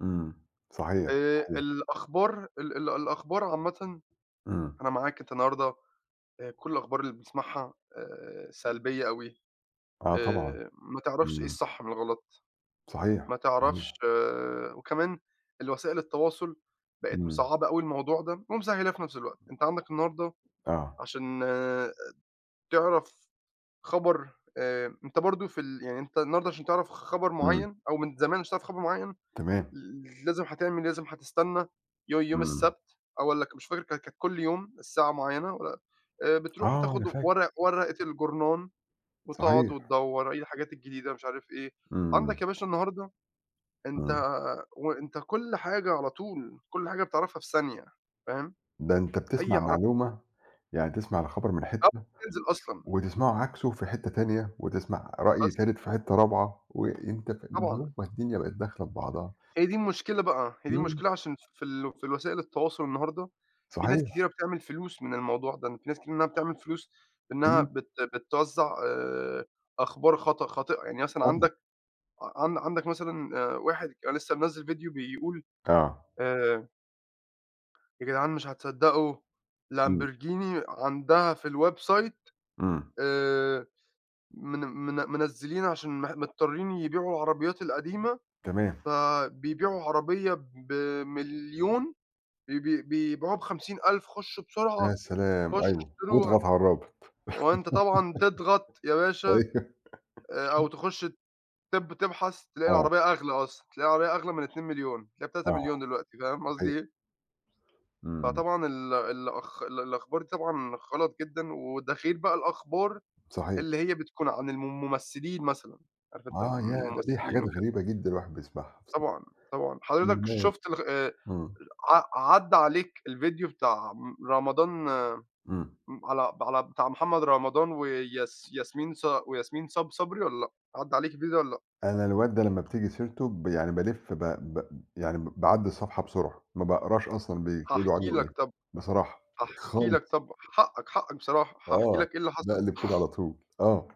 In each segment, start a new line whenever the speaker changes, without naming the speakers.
إمم، صحيح،
آآ،
صحيح.
الأخبار ال ال الأخبار عامةً،
إمم.
أنا معاك، أنتَ النهارده آآ كل الأخبار اللي بنسمَعها آآ، سلبية أوي،
آه، طبعًا،
آآ، ما تعرفش إيه
إمم.
الصح من الغلَط،
صحيح،
ما تعرفش
صحيح.
وكمان الوسائل التواصل بقت
إمم.
مصعّبة أوي الموضوع ده، ومسهِّلاه في نفس الوقت. أنتَ عندك النهارده
آه.
عشان تعرف خبر، آآ، أنتَ برضو في ال يعني أنتَ النهارده عشان تعرَف خبر
إمم.
معيَّن، أو من زمان عشان تعرف خبر معيَّن،
تمام.
ل ل لازِم هتعمل لازِم هتستنَّى يو يوم
إمم.
السبت، أو والّا ك مش فاكر كا كان كل يوم الساعة معيَّنة، و آآ بتروح
آه،
تاخُد
أنا فاهم.
ورق ورقة الجورنان وتقعد
صحيح.
وتدوّر إيه الحاجات الجديدة، مش عارِف إيه. عندك
إمم.
يا باشا النهارده، أنتَ
امم.
وأنتَ كل حاجة على طول، كل حاجة بتعرِفها في ثانية، فاهم؟
ده أنتَ
أي
بتسمع
عرب
معلومة يعني تسمع الخبر من
قبل
حتَّة
ما تنزل أصلًا.
وتسمعه عكسه في حتَّة تانية، وتسمَع رأي
بس.
تالت في حتَّة رابعة، وأنتَ ف
طبعًا.
اليوم ما الدنيا بقت داخلة في بعضها.
هي دي المشكلة بقى، هي دي
إمم.
المشكلة، عشان في ال في الوسائل التواصل النهارده في ناس
صحيح.
كتيرة بتعمل فلوس من الموضوع ده، إن في ناس كتيرة إنها بتعمل فلوس، بإنها
إمم.
بت بتوزع آآ، أخبار خاط خاطئة يعني مثلًا
طبعًا.
عندك ع عن عندك مثلًا آآ واحد لسه منزل فيديو بيقول
آه.
آآ يا جدعان مش هتصدقوا
إمم.
Lamborghini عندها في الwebsite
إمم.
آآ، من من منزِّلين عشان مح مضطرِين يبيعوا العربيَّات القديمة،
تمام.
فبيبيعوا عربية ب1.000.000، بي بي بيبيعوها ب50.000، خُشوا بسرعة،
يا سلام!
خُشوا
أيوه،
اشتَروها.
واضغط على الرابط،
وأنتَ طبعًا تضغَط يا باشا،
أيوه.
آآ، أو تخُش تب تبحَث، تلاقي
آه.
العربية أغلى أصلًا، تلاقِي العربية أغلى من 2.000.000، تلاقِيها بتلاتة
آه،
مليون دلوقتي، فاهم
صحيح.
قصدي إيه
إمم.
فطبعًا ال الأخ الأخبار دي طبعًا غلَط جدًا، وده غير بقى الأخبار
صحيح.
اللي هي بتكون عن المم الممثِّلين مثلًا، عارِف، أنتَ
آه
المم
ياه! ده دي
الممثِّلين
حاجات
وكده.
غريبة جدًا الواحد بيسمعها
طبعًا، طبعًا، حضرتك
[unintelligible]
شُفت ال آآ،
إمم.
ع عدَّى عليك الفيديو بتاع رمضان
إمم.
على على بتاع محمد رمضان وياس ياسمين ص وياسمين صب صبري والّا لأ؟ عدَّى عليك الفيديو ده والّا لأ؟
أنا الواد ده لمّا بتيجي سيرته ب يعني بالِف ب ب يعني ب ب باعدّي الصفحة بسرعة، ما بأقراش أصلًا بيقولوا
هاحكي
عنه
لك
إيه،
طَب
بصراحة،
هاحكي لك
خالص.
طَب حقك، حقك بصراحة هاحكي
آه،
لك إيه اللي حصل.
باقلب كده على طول آه.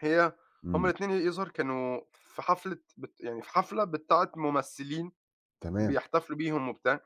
هي هُم
إمم.
الاتنين ي يظهر كانوا في حفلة بت يعني في حفلة بتاعة ممثِّلين،
تمام.
بيحتفلوا بيهم وبتاع